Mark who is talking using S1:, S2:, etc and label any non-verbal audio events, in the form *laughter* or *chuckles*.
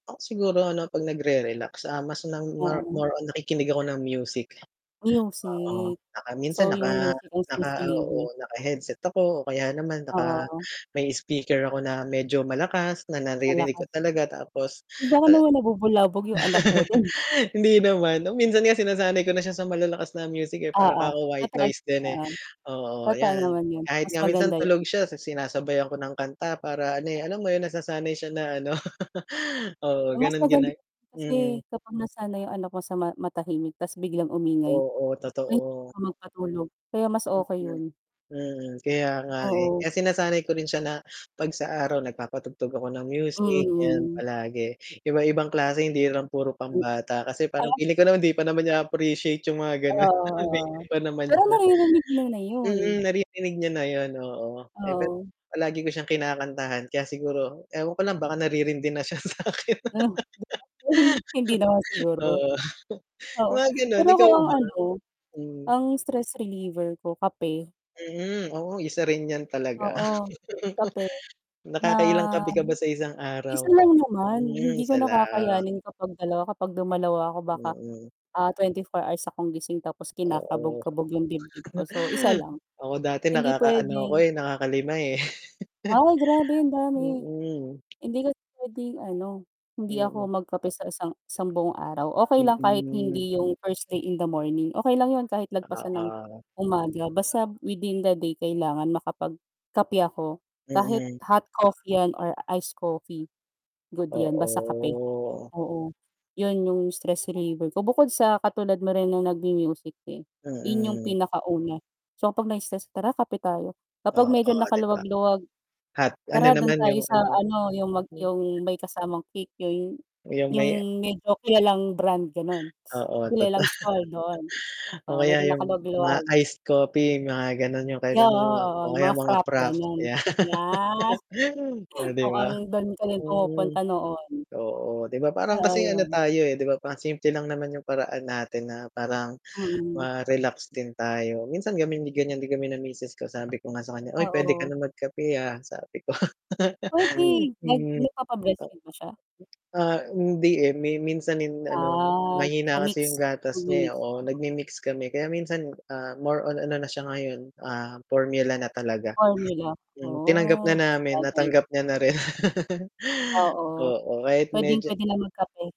S1: Ako siguro ano pag nagre-relax, ah, mas na more
S2: Oo.
S1: more on nakikinig ako ng music, oo
S2: Music.
S1: 'tsaka minsan
S2: So, 'yung
S1: naka
S2: music ang stress
S1: naka
S2: reliever.
S1: oo, naka-headset ako o kaya naman
S2: Oo,
S1: naka
S2: oh.
S1: may speaker ako na medyo malakas na naririnig
S2: Malakas.
S1: ko talaga, tapos
S2: Baka
S1: a
S2: naman nabubulabog 'yung anak mo dun?
S1: *laughs* Hindi naman, o minsan nga sinasanay ko na siya sa malalakas na music, eh, para
S2: Oo,
S1: kako white
S2: na-try,
S1: noise din, eh,
S2: oo,
S1: oo,
S2: totoo
S1: ayan.
S2: naman yun.
S1: Kahit
S2: Mas
S1: nga minsan
S2: maganda yun.
S1: tulog siya si sinasabayan ko ng kanta, para ano, eh, alam mo 'yun nasasanay siya na ano. *laughs* Oo
S2: Mas
S1: ganun
S2: maganda
S1: gina
S2: *unintelligible*
S1: mm.
S2: kasi kapag nasanay 'yung anak mo sa ma matahimik ta's biglang umingay
S1: Oo,
S2: mahihirapan
S1: totoo.
S2: ka magpatulog, kaya mas okey
S1: Mhm,
S2: 'yun.
S1: mm, kaya nga, eh.
S2: Oo.
S1: Kaya sinasanay ko rin siya na 'pag sa araw nagpapatugtog ako ng
S2: Mm,
S1: music 'yan
S2: mm.
S1: palagi, iba-ibang klase hindi lang puro
S2: M
S1: pambata kasi parang
S2: ah.
S1: feeling ko naman hindi pa naman niya appreciate 'yung mga
S2: Oo,
S1: gano'n,
S2: oo.
S1: baby pa naman
S2: Pero
S1: siya.
S2: naririnig niya na
S1: Mm,
S2: 'yun.
S1: naririnig niya na 'yun, oo. Eh, pero
S2: Oo.
S1: palagi ko siyang kinakantahan kaya siguro ewan ko lang baka naririndi na siya sa'kin.
S2: Ah, *unintelligible* hindi naman
S1: *laughs*
S2: siguro.
S1: Oo,
S2: Oo,
S1: mga gano'n,
S2: pero ako
S1: ikaw
S2: ang
S1: ba?
S2: ano,
S1: Mm.
S2: ang stress reliever ko kape.
S1: Mhm, oo isa rin 'yan talaga.
S2: Oo kape,
S1: *chuckles*
S2: na
S1: Nakakailang kape ka ba sa isang
S2: 1
S1: araw?
S2: lang naman,
S1: Hmm,
S2: hindi ko
S1: isa
S2: na
S1: lang.
S2: kakayanin kapag 2 kapag dumalawa ako baka,
S1: Mm.
S2: ah, 24 hours akong gising tapos
S1: Oo.
S2: kinakabog-kabog 'yung dibdib ko, so 1
S1: *chuckles*
S2: lang,
S1: Ako dati
S2: hindi
S1: nakakaano ako,
S2: puwedeng
S1: eh, nakakalima ,eh. *chuckles*
S2: Ay grabe ang dami,
S1: Mm.
S2: hindi kasi puwedeng ano hindi
S1: Mm.
S2: ako magkape sa isang isang buong araw. Okey lang kahit
S1: Mm.
S2: hindi yung first thing in the morning, okey lang 'yun kahit lagpasan ng
S1: Oo.
S2: umaga basta within the day kailangan makapag-kape ako, kahit
S1: Mm.
S2: hot coffee 'yan or iced coffee, good 'yan, basta kape.
S1: Oo.
S2: Oo, 'yun 'yung stress reliever ko, bukod sa katulad mo rin ng nag-mu-music, eh, 'yun 'yong
S1: Mm.
S2: pinakauna. So kapag na stress, "Tara kape tayo." Kapag medyo
S1: Oo, 'di ba?
S2: nakaluwag-luwag,
S1: Hot ano
S2: "Tara dun
S1: naman
S2: tayo
S1: 'yung
S2: sa
S1: ano
S2: ano, 'yung mag
S1: Hmm.
S2: 'yung may kasamang cake, 'yun,
S1: 'Yung may
S2: 'yung medyo kilalang brand gano'n,
S1: Oo
S2: kilalang
S1: totoo,
S2: store doon."
S1: o
S2: Oo
S1: kaya
S2: medyo
S1: 'yung mga
S2: nakaluwag-luwag.
S1: iced coffee mga ganun 'yung
S2: Yeah,
S1: kailan
S2: oo,
S1: *unintelligible*
S2: oo,
S1: o
S2: 'yung
S1: kaya
S2: mga
S1: mga
S2: frappe
S1: frappe,
S2: ganiyan.
S1: 'yan.
S2: Yes,
S1: *laughs* Oh
S2: *chuckles*
S1: 'di
S2: oo,
S1: ba.
S2: dun kami
S1: Mm,
S2: pumupunta noon.
S1: oo, 'di ba parang
S2: Oo
S1: kasing ano
S2: 'yun.
S1: tayo, eh, 'di ba parang simple lang naman 'yung paraan natin na parang
S2: Mm.
S1: ma-relax din tayo, minsan kami ganiyan din kami ng misis ko sabi ko nga sa kanya, "Uy puwede ka
S2: Oo.
S1: ng mag kape, ah." sabi ko. *laughs*
S2: Puwede, nag
S1: Mm. A
S2: nagpapa-breastfeed ba siya?
S1: Ah, hindi, eh, mi minsan hin ano
S2: Ah. So,
S1: mahina kasi 'yung
S2: mix
S1: gatas niya,
S2: nag-mi-mix,
S1: oo
S2: oo.
S1: nag mi-mix kami kaya minsan, ah, more on ano na siya ngayon, ah, formula na talaga.
S2: Formula.
S1: Um, tinanggap na
S2: Oo,
S1: namin,
S2: sabagay.
S1: natanggap niya na rin. *laughs*
S2: Oo,
S1: Oo kahit medyo
S2: puwedeng-puwede na mag kape.